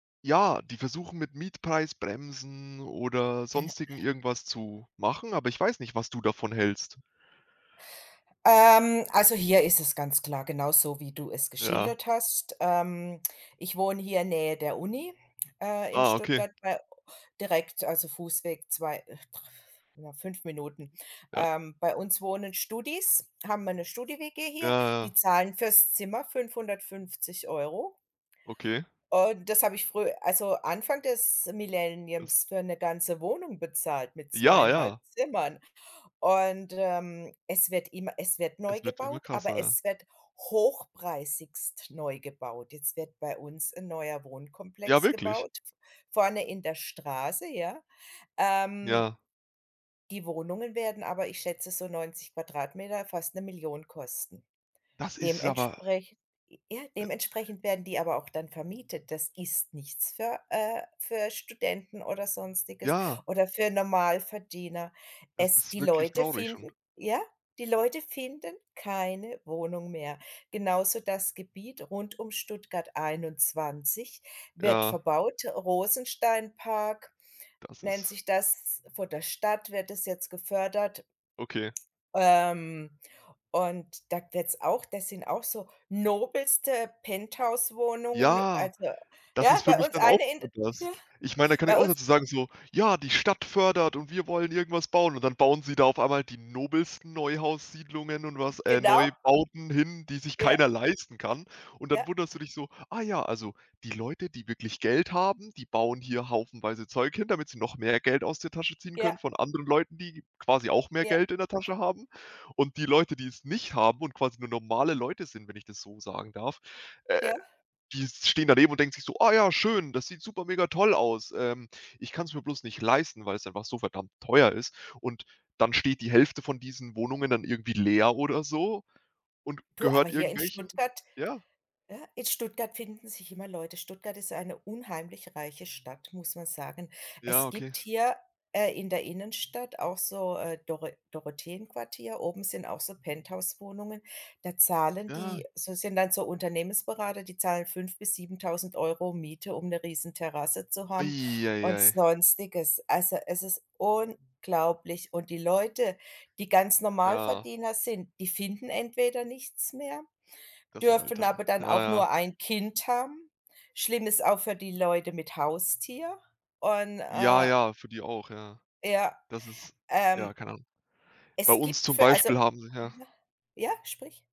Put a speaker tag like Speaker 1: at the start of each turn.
Speaker 1: Ja, die versuchen mit Mietpreisbremsen oder
Speaker 2: Äh
Speaker 1: Sonstigem irgendwas zu machen, aber ich weiß nicht, was du davon hältst.
Speaker 2: Ähm, also, hier ist es ganz klar, genauso wie du es
Speaker 1: Ja.
Speaker 2: geschildert hast. Ähm, ich wohne hier Nähe der Uni, äh, in
Speaker 1: Ah, okay.
Speaker 2: Stuttgart bei direkt, also, Fußweg 2, dr ja, 5 Minuten.
Speaker 1: Ja.
Speaker 2: Ähm, bei uns wohnen Studis, haben wir 'ne Studi-WG
Speaker 1: Ja,
Speaker 2: hier,
Speaker 1: ja.
Speaker 2: die zahlen fürs Zimmer 550 €.
Speaker 1: Okay.
Speaker 2: Und das habe ich früh also, Anfang des
Speaker 1: Das
Speaker 2: Millenniums für 'ne ganze Wohnung bezahlt mit zwei
Speaker 1: Ja,
Speaker 2: einhalb
Speaker 1: ja.
Speaker 2: Zimmern und, ähm, es wird immer es wird neu
Speaker 1: Es wird immer
Speaker 2: gebaut, aber
Speaker 1: krasser.
Speaker 2: es wird hochpreisigst neu gebaut. Jetzt wird bei uns 'n neuer
Speaker 1: Ja,
Speaker 2: Wohnkomplex
Speaker 1: wirklich?
Speaker 2: gebaut, vorne in der Straße, ja. Ähm
Speaker 1: Ja.
Speaker 2: die Wohnungen werden aber, ich schätze so 90 m², fast 'ne Million kosten.
Speaker 1: Das ist aber
Speaker 2: Dementsprech ja,
Speaker 1: Äh
Speaker 2: dementsprechend werden die aber auch dann vermietet. Das ist nichts für äh, für Studenten oder Sonstiges
Speaker 1: Ja.
Speaker 2: oder für Normalverdiener.
Speaker 1: Das
Speaker 2: Es
Speaker 1: ist
Speaker 2: die
Speaker 1: wirklich
Speaker 2: Leute
Speaker 1: traurig schon.
Speaker 2: finden ja, die Leute finden keine Wohnung mehr. Genauso das Gebiet rund um Stuttgart 21 wird
Speaker 1: Ja.
Speaker 2: verbaut. Rosensteinpark
Speaker 1: Das
Speaker 2: nennt
Speaker 1: ist
Speaker 2: sich das. Von der Stadt wird das jetzt gefördert.
Speaker 1: Okay.
Speaker 2: Ähm, und da wird's auch das sind auch so nobelste Penthouse-Wohnungen.
Speaker 1: Ja,
Speaker 2: Also
Speaker 1: das
Speaker 2: ja,
Speaker 1: ist für
Speaker 2: bei
Speaker 1: mich
Speaker 2: uns
Speaker 1: dann auch
Speaker 2: eine in d ja,
Speaker 1: [unintelligible] was. Ich meine, da kann ich
Speaker 2: bei
Speaker 1: auch
Speaker 2: uns
Speaker 1: sozusagen so: „Ja, die Stadt fördert und wir wollen irgendwas bauen.“ Und dann bauen sie da auf einmal die nobelsten Neuhaussiedlungen und was äh,
Speaker 2: Genau.
Speaker 1: Neubauten hin, die sich keiner
Speaker 2: Ja.
Speaker 1: leisten kann und dann
Speaker 2: Ja.
Speaker 1: wunderst du dich so: „Ah ja, also, die Leute, die wirklich Geld haben, die bauen hier haufenweise Zeug hin, damit sie noch mehr Geld aus der Tasche ziehen können
Speaker 2: Ja.
Speaker 1: von anderen Leuten, die quasi auch mehr
Speaker 2: Ja.
Speaker 1: Geld in der Tasche haben und die Leute, die es nicht haben und quasi nur normale Leute sind“, wenn ich das so sagen darf, äh,
Speaker 2: Ja.
Speaker 1: die stehen daneben und denken sich so: „Oh ja, schön, das sieht super mega toll aus. Ähm, ich kann's mir bloß nicht leisten, weil's einfach so verdammt teuer ist.“, und dann steht die Hälfte von diesen Wohnungen dann irgendwie leer oder so und
Speaker 2: Du, aber
Speaker 1: gehört
Speaker 2: hier in
Speaker 1: irgendwelchen
Speaker 2: Stuttgart
Speaker 1: ja.
Speaker 2: ja, in Stuttgart finden sich immer Leute. Stuttgart ist eine unheimlich reiche Stadt, muss man sagen.
Speaker 1: Ja,
Speaker 2: Es
Speaker 1: okay.
Speaker 2: gibt hier, äh, in der Innenstadt auch so, äh, Doro Dorotheenquartier. Oben sind auch so Penthouse-Wohnungen. Da zahlen
Speaker 1: Ja.
Speaker 2: die so sind dann so Unternehmensberater, die zahlen 5- 7.000 € Miete, um 'ne Riesenterrasse zu haben
Speaker 1: Ei, ei,
Speaker 2: und
Speaker 1: ei.
Speaker 2: Sonstiges. Also, es ist unglaublich. Und die Leute, die ganz
Speaker 1: Ja.
Speaker 2: Normalverdiener sind, die finden entweder nichts mehr,
Speaker 1: Das ist halt
Speaker 2: dürfen
Speaker 1: dann
Speaker 2: aber dann
Speaker 1: ja,
Speaker 2: auch
Speaker 1: ja.
Speaker 2: nur ein Kind haben. Schlimm ist auch für die Leute mit Haustier und,
Speaker 1: Ja,
Speaker 2: äh
Speaker 1: ja, für die auch, ja.
Speaker 2: Ja,
Speaker 1: Das ist
Speaker 2: ähm
Speaker 1: ja, keine Ahnung. Bei
Speaker 2: es
Speaker 1: uns
Speaker 2: gibt
Speaker 1: zum
Speaker 2: für, also
Speaker 1: Beispiel haben sie, ja
Speaker 2: [unintelligible] ja, sprich.